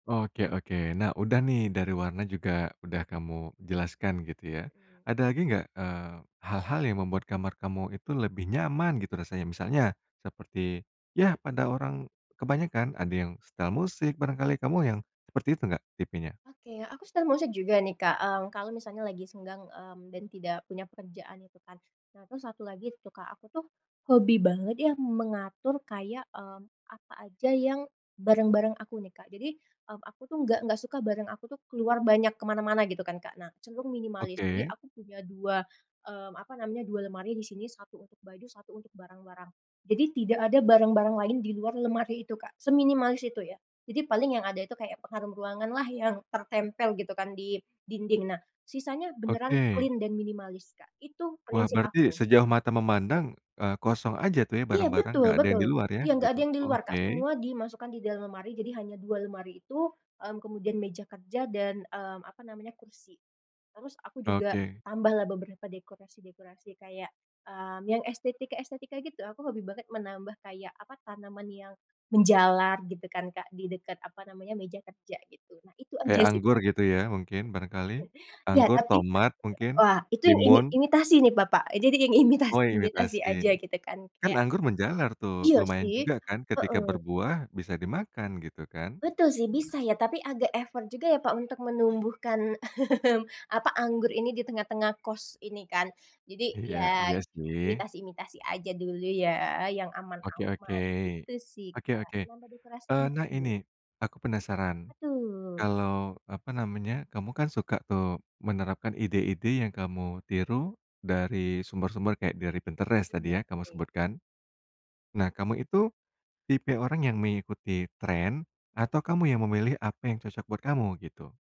Oke oke, nah, udah nih dari warna juga udah kamu jelaskan gitu ya Iya. ada lagi nggak? Eee, hal-hal yang membuat kamar kamu itu lebih nyaman gitu rasanya misalnya seperti ya pada orang, kebanyakan ada yang setel musik barangkali kamu yang seperti itu nggak tipenya? Oke, aku sedang mau share juga nih Kak, mmm, kalau misalnya lagi senggang, mmm, dan tidak punya pekerjaan itu kan. Nah terus 1 lagi tuh Kak aku tuh, hobi banget ya mengatur kayak, mmm, apa aja yang barang-barang aku nih Kak. Jadi, mmm, aku tuh nggak nggak suka barang aku tuh keluar banyak ke mana-mana gitu kan Kak. Nah, cenderung minimalis jadi Oke. aku punya 2, mmm, apa namanya 2 lemari di sini, 1 untuk baju 1 untuk barang-barang, jadi tidak ada barang-barang lain di luar lemari itu Kak seminimalis itu ya. Jadi paling yang ada itu kayak pengharum ruanganlah yang tertempel gitu kan di dinding. Nah sisanya beneran Oke. clean dan minimalis Kak itu Wah, prinsip berarti aku. sejauh mata memandang, eee, kosong aja tuh ya? Iya, Barang-barang betul nggak ada yang betul, di luar ya? iya, nggak Gitu, ada yang di luar Kak oke. semua dimasukkan di dalam lemari jadi hanya 2 lemari itu, mmm, kemudian meja kerja dan, mmm, apa namanya? Kursi, terus aku juga Oke. tambahlah beberapa dekorasi-dekorasi kayak, mmm, yang estetika-estetika gitu aku hobi banget menambah kayak apa tanaman yang, menjalar gitu kan Kak di dekat apa namanya meja kerja gitu nah itu aja Kayak sih anggur Kak. gitu ya? Mungkin barangkali, Ya anggur, tapi, tomat mungkin, wah, itu yang imi timun. imitasi nih Bapak jadi yang imitasi Oh, imitasi imitasi, aja gitu kan kan kayak anggur menjalar tuh Iya lumayan sih, juga kan? Ketika heeh. berbuah bisa dimakan gitu kan? Betul sih bisa ya. Tapi agak effort juga ya Pak untuk menumbuhkan, mmm, apa? Anggur ini di tengah-tengah kos ini kan. Jadi Iya ya, iya sih. imitasi-imitasi aja dulu ya yang Oke oke, aman-aman gitu sih oke Kak oke, nambah dekorasi eee, nah lucu. ini, aku penasaran, Betul. kalau apa namanya kamu kan suka tuh menerapkan ide-ide yang kamu tiru dari sumber-sumber kayak dari Pinterest Mmm, tadi ya kamu oke. sebutkan. Nah kamu itu, tipe orang yang mengikuti tren atau kamu yang memilih apa yang cocok buat kamu gitu?